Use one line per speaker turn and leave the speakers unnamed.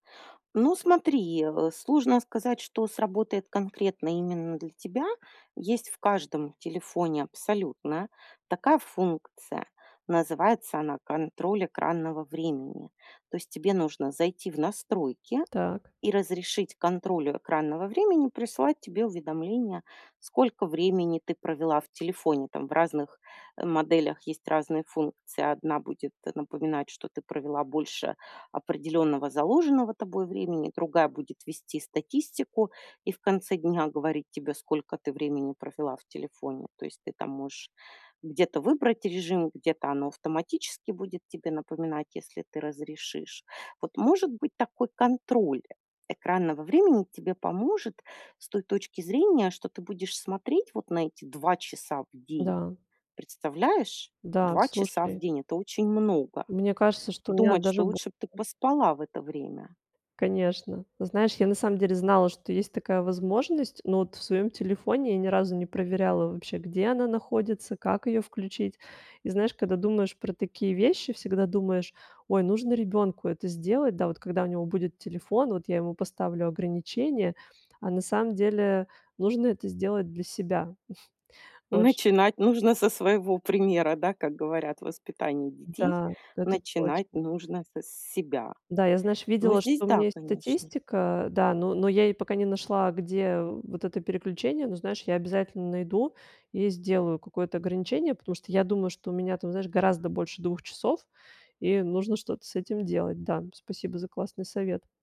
Ну смотри, э, сложно сказать, что сработает конкретно именно для тебя. Есть в каждом телефоне абсолютно такая функция. Называется она "контроль экранного времени". То есть тебе нужно зайти в настройки
Так.
и разрешить контролю экранного времени присылать тебе уведомления, сколько времени ты провела в телефоне. Там в разных, э, моделях есть разные функции. Одна будет напоминать, что ты провела больше определённого заложенного тобой, времени. Другая будет вести статистику и в конце дня говорить тебе, сколько ты времени провела в телефоне. То есть ты там можешь где-то выбрать режим, где-то оно автоматически будет тебе напоминать, если ты разрешишь. Вот, может быть, такой контроль экранного времени тебе поможет с той точки зрения, что ты будешь смотреть вот на эти 2 часа в день.
Да.
Представляешь?
Да,
2 часа в
слушай
день- это очень много.
мне кажется, что
И
у меня
думать,
даже
что
больше.
лучше б ты поспала в это время.
Конечно. Ну, знаешь, я, на самом деле, знала, что есть такая возможность, но вот в своеём телефоне я ни разу не проверяла вообще, где она находится, как её включить. И знаешь, када думаешь про такие вещи, всегда думаешь: "Ой, нужно ребёнку это сделать, да. Вот когда у него будет телефон, вот я ему поставлю ограничение". А на самом деле нужно это сделать для себя. Вот же.
Начинать нужно со своего примера, да, как говорят: "В воспитании детей
Да, это
начинать
точно.
нужно с с себя."
Да, я, знаешь,
Ну,
видела,
здесь
что у меня
да,
есть
конечно.
статистика. Да, но но я ей пока не нашла, где, э, вот это переключение. Ну, знаешь, я обязательно найду и сделаю какое-то ограничение, потому что я думаю, что у меня там, знаешь, гораздо больше 2 часов, и нужно что-то с этим делать, да. Спасибо за классный совет.